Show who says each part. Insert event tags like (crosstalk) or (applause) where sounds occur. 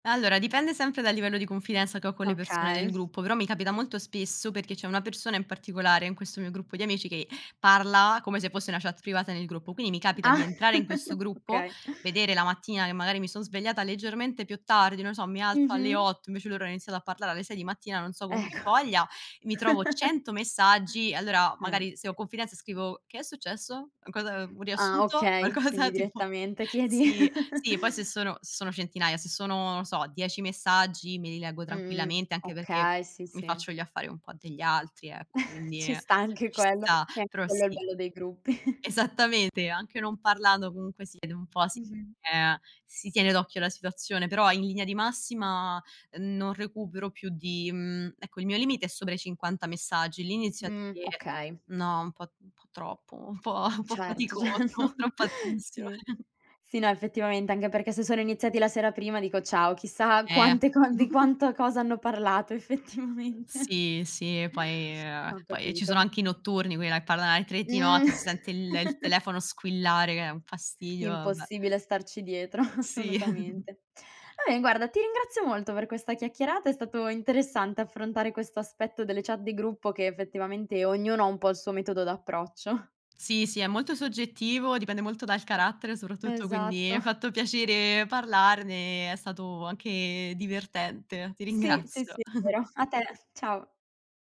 Speaker 1: Allora dipende sempre dal livello di confidenza che ho con le persone
Speaker 2: Okay.
Speaker 1: del
Speaker 2: (snorts)
Speaker 1: gruppo, però mi capita molto spesso perché c'è una persona in particolare in questo mio gruppo di amici che parla come se fosse una chat privata nel gruppo. Quindi mi capita di
Speaker 2: Ah,
Speaker 1: entrare in questo
Speaker 2: (chuckles)
Speaker 1: gruppo,
Speaker 2: okay.
Speaker 1: vedere la mattina, che magari mi son svegliata leggermente più tardi, non so, mi alzo alle
Speaker 2: Mh-mh.
Speaker 1: 8, invece loro hanno iniziato a parlare alle 6 di mattina, non so con che
Speaker 2: Ecco.
Speaker 1: voglia, mi trovo
Speaker 2: (chuckles)
Speaker 1: 100 messaggi e allora
Speaker 2: Eh.
Speaker 1: magari se ho confidenza scrivo: "Che è successo? Cosa un
Speaker 2: Ah
Speaker 1: riassunto?"
Speaker 2: okay, quindi
Speaker 1: Qualcosa tipo
Speaker 2: direttamente chiedi.
Speaker 1: sì,
Speaker 2: (chuckles)
Speaker 1: sì, poi se sono sono centinaia, se sono, non so, 10 messaggi me li leggo
Speaker 2: Mh-mh,
Speaker 1: tranquillamente anche perché
Speaker 2: okay, sì,
Speaker 1: mi
Speaker 2: sì.
Speaker 1: faccio gli affari un po' degli altri, ecco,
Speaker 2: (chuckles)
Speaker 1: quindi,
Speaker 2: Ci
Speaker 1: ehm,
Speaker 2: sta anche
Speaker 1: ci
Speaker 2: quello,
Speaker 1: sta,
Speaker 2: eh,
Speaker 1: però
Speaker 2: quello è il
Speaker 1: sì.
Speaker 2: bello dei gruppi. (chuckles)
Speaker 1: Esattamente, anche non parlando comunque si vede un po', si
Speaker 2: Mh-mh.
Speaker 1: ehm, si tiene d'occhio la situazione, però in linea di massima non recupero più di mhmm, ecco il mio limite è sopra i 50 messaggi, lì inizio a
Speaker 2: Mh,
Speaker 1: dire:
Speaker 2: okay.
Speaker 1: "No, un po' un po' troppo, un po' un po'
Speaker 2: Certo,
Speaker 1: faticoso,
Speaker 2: certo,
Speaker 1: troppa
Speaker 2: sì.
Speaker 1: attenzione."
Speaker 2: Sì, no effettivamente, anche perché se sono iniziati la sera prima dico, ciao, chissà
Speaker 1: Eh.
Speaker 2: quante co di quanto
Speaker 1: (chuckles)
Speaker 2: cosa hanno parlato effettivamente
Speaker 1: Sì, sì e poi ehm,
Speaker 2: Ho
Speaker 1: poi, ehm, ci sono
Speaker 2: capito.
Speaker 1: anche i notturni, quella che parla alle 3 di
Speaker 2: Mh.
Speaker 1: notte si sente il il
Speaker 2: (chuckles)
Speaker 1: telefono squillare che è un fastidio, vabbè.
Speaker 2: Impossibile starci dietro,
Speaker 1: Sì. (chuckles)
Speaker 2: assolutamente. Vabbè guarda, ti ringrazio molto per questa chiacchierata, è stato interessante affrontare questo aspetto delle chat di gruppo che effettivamente ognuno ha un po' il suo metodo d'approccio. (chuckles)
Speaker 1: Sì, sì, è molto soggettivo, dipende molto dal carattere soprattutto, quindi mi
Speaker 2: Esatto.
Speaker 1: ha
Speaker 2: (chuckles)
Speaker 1: fatto piacere parlarne, è stato anche divertente. Ti
Speaker 2: Sì. Sì,
Speaker 1: ringrazio.
Speaker 2: sì, è
Speaker 1: (chuckles)
Speaker 2: vero. A te, ciao.